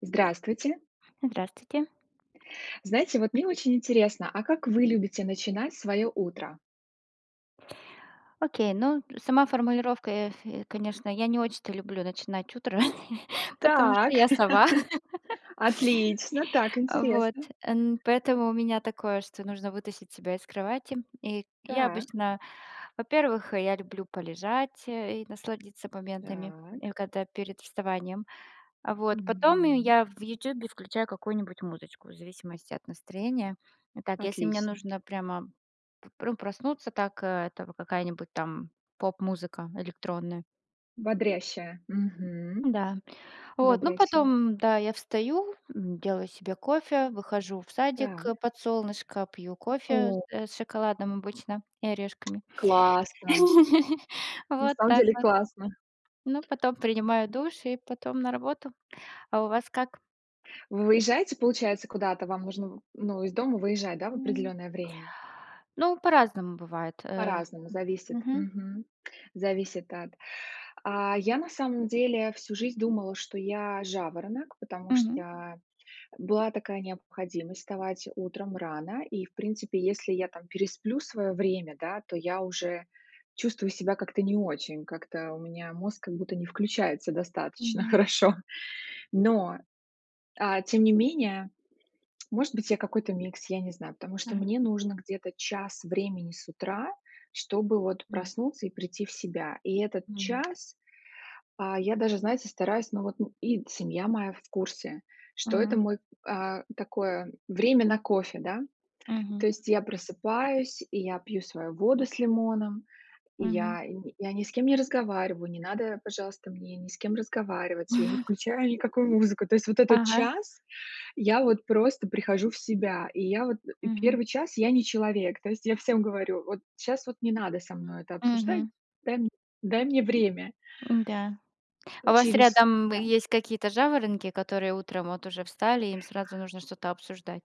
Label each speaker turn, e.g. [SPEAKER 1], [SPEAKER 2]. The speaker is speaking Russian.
[SPEAKER 1] Здравствуйте.
[SPEAKER 2] Здравствуйте.
[SPEAKER 1] Знаете, вот мне очень интересно, а как вы любите начинать своё утро?
[SPEAKER 2] Окей, ну сама формулировка, э, фэ конечно, я не очень-то люблю начинать утро, потому что
[SPEAKER 1] Так,
[SPEAKER 2] я сова.
[SPEAKER 1] отлично, так,
[SPEAKER 2] А вот.
[SPEAKER 1] интересно.
[SPEAKER 2] Эн поэтому у меня такое, что нужно вытащить себя из кровати. И я
[SPEAKER 1] Так.
[SPEAKER 2] обычно, во-первых, я люблю полежать и насладиться моментами
[SPEAKER 1] Так.
[SPEAKER 2] и когда перед вставанием. А вот. Потом
[SPEAKER 1] Мгм.
[SPEAKER 2] я в "Ютубе" включаю какую-нибудь музычку, в зависимости от настроения. Так, если мне
[SPEAKER 1] Отлично.
[SPEAKER 2] нужно прямо п пру проснуться, так это какая-нибудь там поп-музыка электронная.
[SPEAKER 1] Бодрящая. Мгм.
[SPEAKER 2] Да. Вот, ну
[SPEAKER 1] Бодрящая.
[SPEAKER 2] потом, да, я встаю, м, делаю себе кофе, выхожу в садик, э,
[SPEAKER 1] Так.
[SPEAKER 2] под солнышко, пью кофе,
[SPEAKER 1] О.
[SPEAKER 2] э, с шоколадом обычно и орешками.
[SPEAKER 1] Классно! На
[SPEAKER 2] Вот
[SPEAKER 1] самом
[SPEAKER 2] так
[SPEAKER 1] деле
[SPEAKER 2] вот.
[SPEAKER 1] классно.
[SPEAKER 2] Ну потом принимаю душ и потом на работу. А у вас как?
[SPEAKER 1] Вы уезжаете, получается, куда-то? Вам нужно в ну, из дома выезжать, да, в
[SPEAKER 2] Мгм.
[SPEAKER 1] определённое время?
[SPEAKER 2] Ну по-разному бывает, э
[SPEAKER 1] По-разному, зависит,
[SPEAKER 2] Мгм.
[SPEAKER 1] мгм. Зависит от А, я на самом деле всю жизнь думала, что я- жаворонок, потому
[SPEAKER 2] Мгм.
[SPEAKER 1] что была такая необходимость вставать утром рано, и в принципе, если я там пересплю своё время, да, то я уже чувствую себя как-то не очень, как-то у меня мозг как будто не включается достаточно
[SPEAKER 2] Мгм.
[SPEAKER 1] хорошо. Но, а, тем не менее, может быть я какой-то микс, я не знаю, потому что
[SPEAKER 2] Мгм.
[SPEAKER 1] мне нужно где-то час времени с утра, чтобы вот
[SPEAKER 2] Мгм.
[SPEAKER 1] проснуться и прийти в себя. И этот
[SPEAKER 2] Мгм.
[SPEAKER 1] час, а, я даже, знаете, стараюсь, но вот, м, и семья моя в курсе, что это
[SPEAKER 2] Мгм.
[SPEAKER 1] мой, а, такое время на кофе, да. То
[SPEAKER 2] Мгм.
[SPEAKER 1] есть я просыпаюсь, и я пью свою воду с лимоном, и
[SPEAKER 2] Мгм.
[SPEAKER 1] я не я ни с кем не разговариваю, не надо, пожалуйста, мне ни с кем разговаривать, я не включаю никакую музыку. То есть, вот этот
[SPEAKER 2] Ага.
[SPEAKER 1] час, я вот просто прихожу в себя. И я вот, э,
[SPEAKER 2] Мгм.
[SPEAKER 1] 1 час я- не человек. То есть я всем говорю: "Вот щас вот не надо со мной это
[SPEAKER 2] М.
[SPEAKER 1] обсуждать,
[SPEAKER 2] Мгм.
[SPEAKER 1] дай м дай мне время".
[SPEAKER 2] Н-да. А у вас
[SPEAKER 1] Учились.
[SPEAKER 2] рядом
[SPEAKER 1] Да.
[SPEAKER 2] есть какие-то жаворонки, которые утром вот уже встали, и им сразу нужно что-то обсуждать?